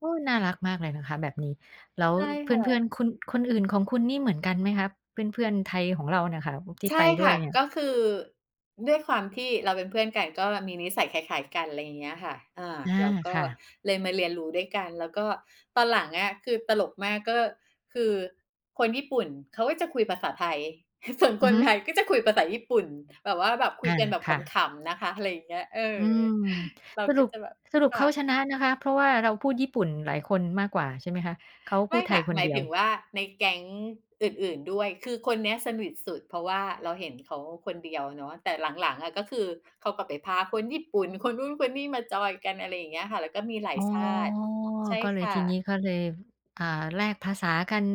โอ้ย! น่ารักมากเลยนะคะแบบนี้ แล้วใช่เพค่ื่ะ อน ๆ คน คนอื่นของคุณนี่เหมือนกันไหมคะ เพื่อน ๆ ไทยของเรานะค่ะ ว ที่ใช่ไปด้คว่ยะ เนี่กย? ็คือ ด้วยความที่เราเป็นเพื่อนกัน ก็มีนิสัยคล้าย ๆ กันอะไรอย่างเงี้ยค่ะ อา อา แล้วก็ค่ะ เลยมาเรียนรู้ด้วยกัน แล้วก็ตอนหลังอคือตลกมาก ก็คือคนญี่ปุ่นเขาก็จะคุยภาษาไทย ฮ ส่วนอืคอนฮึ ไทยก็จะคุยภาษาญี่ปุ่น แบบว่า แบบคุอา ยกันแบบคข่ะ ำ ๆ นะคะ อะไรอย่างเงี้ย เออ อืม เราสกรุ็ป จะแบบ สรุปคเข่าะ ชนะนะคะ เพราะว่าเราพูดญี่ปุ่นหลายคนมากกว่าใช่ไหมคะ เขาไพมู่ดไทคย่ะ คนหมเดายียถึว? งว่าในแก๊งอื่น ๆ ด้วย คือคนเนี้ยสนิทสุด เพราะว่าเราเห็นเขาคนเดียวเนาะ แต่หลัง ๆ อะ ก็คือเขากลับไปพาคนญี่ปุ่นคนนู้น คนนี้ มาจอยกัน อะไรอย่างเงี้ยค่ะ แล้วก็มีหลาอย๋อ ชาติ ใช่ก็เลคย ่ทีนี้ะ ก็เลย อ่า แลกภาษากัน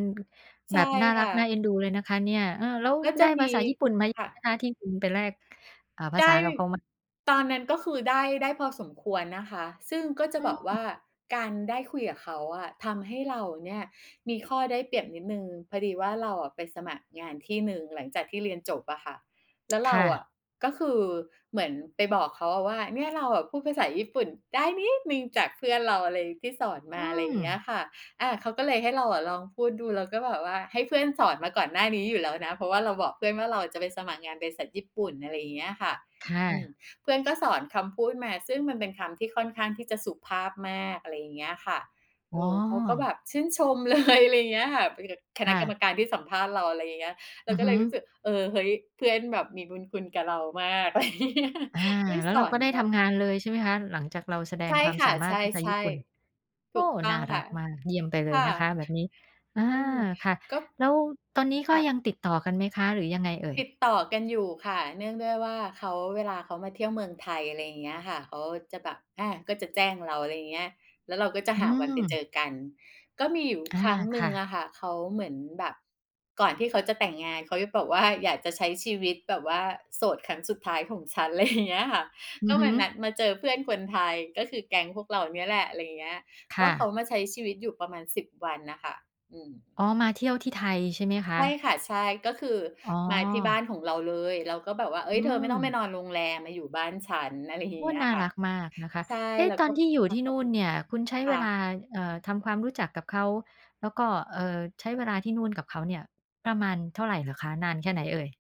ใชแบ่บน่าครั่กะ น่าเอ็นดูเลยนะคะเนี่ย เออ แล้วก็จไดะ้มภี าษาญี่ปุ่นไหมค่นะ ะคะ ที่คุณไปแลก อ่า ภาไดษา้ กับเขา ม ตอนนั้นก็คือได้ ได้พอสมควรนะคะ ซึ่งก็จอะืบอกว่ม าการได้คุยกับเขาอะ ทำให้เราเนี่ยมีข้อได้เปรียบนิดหนึ่ง พอดีว่าเราไปสมัครงานที่หนึ่งหลังจากที่เรียนจบอ่ะค่ะ แล้วเครา่อะ ะก็คือเหมือนไปบอกเขาอะว่า "เนี่ย เราอะพูดภาษาญี่ปุ่นได้นิดหนึ่ง จากเพื่อนเรา อะไร ที่สอนมอืา อะไรเงี้ยม ค่ะ" อา เขาก็เลยให้เราลองพูดดู แล้วก็แบบว่าให้เพื่อนสอนมาก่อนหน้านี้อยู่แล้วนะ เพราะว่าเราบอกเพื่อนว่าเราจะไปสมัครงานบริษัทญี่ปุ่น อะไรอย่างเงี้ยค่ะ ค่อืม ะ เพื่อนก็สอนคำพูดมา ซึ่งมันเป็นคำที่ค่อนข้างที่จะสุภาพมาก อะไรอย่างเงี้ยค่ะ อเอ๋อ เขาก็แบอ บชื่นชม เลย อะไรอย่างเงี้ยค่ะ เป็น ก คคณะ่กระ รมการที่สัมภาษณ์เรา อะไรอย่างเงี้ย เรอาือก็ฮเึ ลยรู้สึก เออ เฮ้ย! เพื่อนแบบมีบุญคุณกับเรามาก อะไรอย่างงี้ อา ที่แล้สวเราอกน็ได้แบทบ ำงานเลย ใช่ไหมคะ หลังจากเราแสดใชง่ความค่สะ ามาใชรถภาษาญี่ ่ปุ่น ๆ โถอู้กโฮ! ต้อน่างรคั่ะ กมาก เยี่ยมไปเลคย่ะ นะคะแบบนี้ อา อืม ค่ะ ก็ แล้วตอนนี้คก็่ะ ยังติดต่อกันไหมคะ หรือยังไงเอ่ติย? ดต่อกันอยู่ค่ะ เนื่องด้วยว่าเขา เวลาเขามาเที่ยวเมืองไทย อะไรอย่างเงี้ยค่ะ เขาจะแบบ อา ก็จะแจ้งเรา อะไรอย่างเงี้ย แล้วเราก็จะอืหาวันไปเจม อกัน ก็มีอยู่อา ครั้งหนคึ่่งะ อะค่ะ เขาเหมือนแบบ ก่อนที่เขาจะแต่งงาน เขาจะแบบว่า "อยากจะใช้ชีวิต แบบว่าโสดครั้งสุดท้ายของฉัน" อะไร อย่างเงี้ยค่ะ อกื็อฮมึ านัด มาเจอเพื่อนคนไทย ก็คือแก๊งพวกเราเนี่ยแหละ อะไรอย่างเงี้ย คก็่เขาะ มาใช้ชีวิตอยู่ประมาณ 10 วันอะค่ะ อือม ๋อ มาเที่ยวที่ไทยใช่ไหมคใช่ะ? ค่ะ ใช่ ก็คืออ๋อ มาที่บ้านของเราเลย เราก็แบบว่า "เฮ้อืย! เธอไม่ต้องไปม นอนโรงแรม มาอยู่บ้านฉัน" อะไรอย่โาอง้! เงี้ยน่าค่ะ รักมากนะคะ ใช่ เอ๊ะ แล้วตอกน็ ที่อยู่ค่ทะ ี่ขนอบู่คนุณ เนี่ย คุณใช้คเว่ลา ะ เอ่อ ทำความรู้จักกับเขา แล้วก็ เอ่อ ใช้เวลาที่นู่นกับเขาเนี่ย ประมาณเท่าไรเหรอคะ นานแค่ไหนเอ่ย?